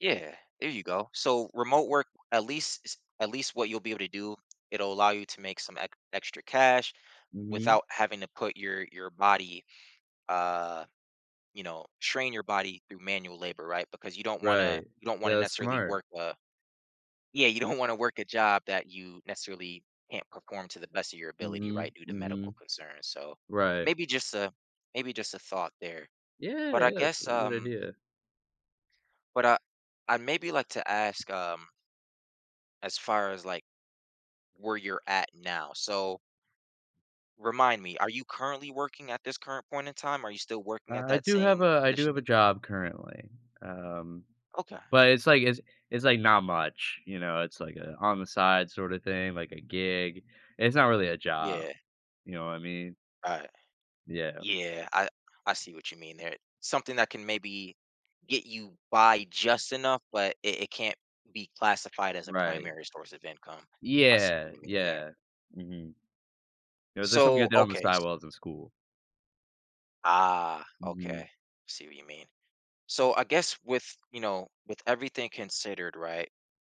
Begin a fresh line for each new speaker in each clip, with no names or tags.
Yeah, there you go. So, remote work, at least is at least what you'll be able to do, it'll allow you to make some ec extra cash
Mhm.
without having to put your your body, uh you know, strain your body through manual labor, right, because you don't wanna
Right.
you don't wanna
Yeah, that's
necessarily
smart.
work a Yeah, you don't wanna work a job that you necessarily can't perform to the best of your ability, right,
Mhm,
due to medical
mhm.
concerns, so,
Right.
maybe just a maybe just a thought there.
Yeah,
But I
yeah, that's
guess,
a good
um
idea.
but, uh, I, maybe, like to ask, um as far as, like, where you're at now. So remind me, are you currently working at this current point in time? Are you still working at
Uh, I
that
do have
same
a I do
position
have
tha
a job, currently, um,
Okay.
but it's, like it's it's, like, not much, you know? It's like a on-the-side sorta thing, like a gig. It's not really a job,
Yeah.
you know what I mean?
Right.
Yeah.
Yeah, I I see what you mean there. Something that can, maybe, get you by just enough, but it it can't be classified as a
Right.
primary source of income. I see what
Yeah.
you mean there.
Yeah. Mhm. It was just something I
So
did on the
okay, s
sidewalls of school.
Ah,
Mhm.
okay, see what you mean. So, I guess with, you know, with everything considered, right?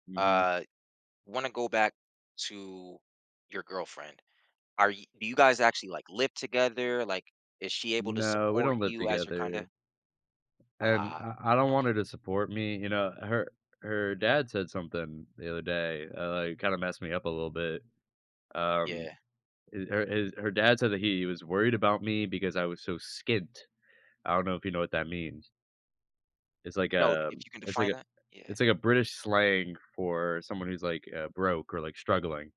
Mhm.
Uh, wanna go back to your girlfriend, are y do you guys actually, like, live together? Like, is she able to
No, we
support
don't live
you as your kinda
together. And
Ah.
I I don't want her
Okay.
to support me, you know? Her her dad said something the other day, uh, like, kinda messed me up a little bit, um,
Yeah.
eh her his her dad said that he was worried about me because I was so skint. I don't know if you know what that means it's like
No,
a
if you can
it's like
define
a
that Yeah.
it's like a British slang for someone who's, like, uh, broke or, like, struggling.